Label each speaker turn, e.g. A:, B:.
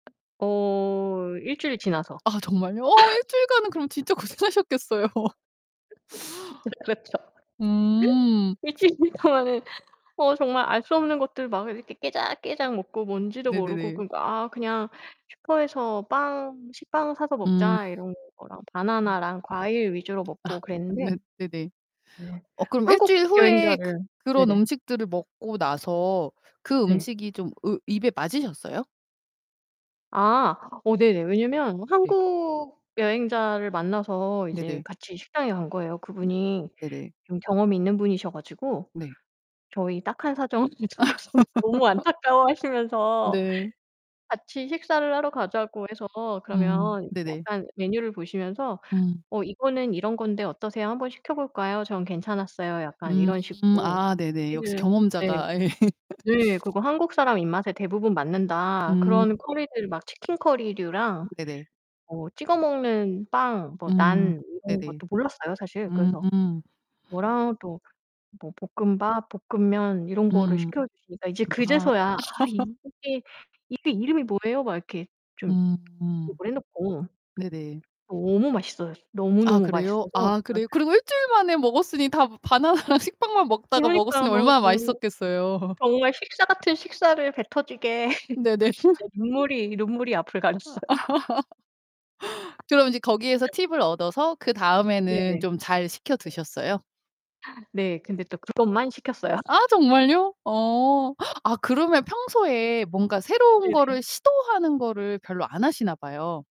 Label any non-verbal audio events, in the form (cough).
A: 어 일주일 지나서.
B: 아 정말요? 어 일주일간은 그럼 진짜
A: (laughs)
B: 고생하셨겠어요. (laughs)
A: (laughs) 진짜 그렇죠. (laughs)
B: 음.
A: 일주일 동안은 어 정말 알 수 없는 것들 막 이렇게 깨작깨작 먹고 뭔지도 모르고
B: 네네네.
A: 그리고 아 그냥 '슈퍼에서 빵 식빵 사서
B: 음.
A: 먹자.' 이런 거랑
B: 음.
A: 바나나랑 과일 위주로
B: 아
A: 먹고 그랬는데
B: 네 네네.
A: 네.
B: 어 그럼
A: 한국
B: 일주일 후에 그
A: 여행자를
B: 그런
A: 네네.
B: 음식들을 먹고 나서 그
A: 네.
B: 음식이 좀 으 입에 맞으셨어요?
A: 아 어 네네. 왜냐면
B: 네.
A: 한국 여행자를 만나서 이제
B: 네네.
A: 같이 식당에 간 거예요.
B: 네.
A: 그분이
B: 네네.
A: 좀 경험이 있는 분이셔 가지고
B: 네.
A: 저희 딱한 사정을 듣고서 너무
B: (laughs)
A: 안타까워하시면서
B: 네.
A: 같이 식사를 하러 가자고 해서
B: 음
A: 그러면
B: 네네.
A: 약간 메뉴를 보시면서
B: 음.
A: "어 이거는 이런 건데 어떠세요? 한번 시켜볼까요? 전 괜찮았어요." 약간
B: 음.
A: 이런 식으로
B: 아 네네. 역시
A: (unintelligible) 네.
B: 경험자가 예.
A: 네. "그리고 한국 사람 입맛에 대부분 맞는다." 그런
B: 음.
A: 커리들 막 치킨 커리류랑
B: 네네.
A: 뭐 찍어 먹는 빵 뭐
B: 음
A: 난 이런
B: 네네.
A: 것도 몰랐어요 사실. 그래서
B: 음.
A: 뭐라도 뭐 볶음밥, 볶음면 이런 거를
B: 음.
A: 시켜 주시니까 이제
B: 음 아.
A: 그제서야 "아
B: (laughs)
A: 이게 이게 이름이 뭐예요?" 막 이렇게 좀
B: 음
A: (unintelligible) 놓고
B: 네네.
A: 너무 맛있어요.
B: 아
A: 너무너무
B: 그래요?
A: 맛있어서
B: 아
A: 진짜
B: 그래요? 그리고 일주일만에 먹었으니 다 바나나랑 식빵만 먹다가
A: 그러니까요.
B: 먹었으니 얼마나
A: 정말
B: 맛있었겠어요?
A: 정말 식사 같은 식사를 배 터지게
B: 네네.
A: (laughs) 진짜
B: (laughs)
A: 눈물이, 눈물이 앞을
B: 아
A: 가렸어요.
B: (laughs) 그럼 이제 거기에서 팁을 얻어서
A: 네네.
B: 그다음에는 좀 잘 시켜
A: 네.
B: 드셨어요?
A: 네, 근데 또 그것만 시켰어요.
B: 아 정말요? 어 아 그러면 평소에 뭔가 새로운 거를
A: 네네.
B: 시도하는 거를 별로 안 하시나 봐요.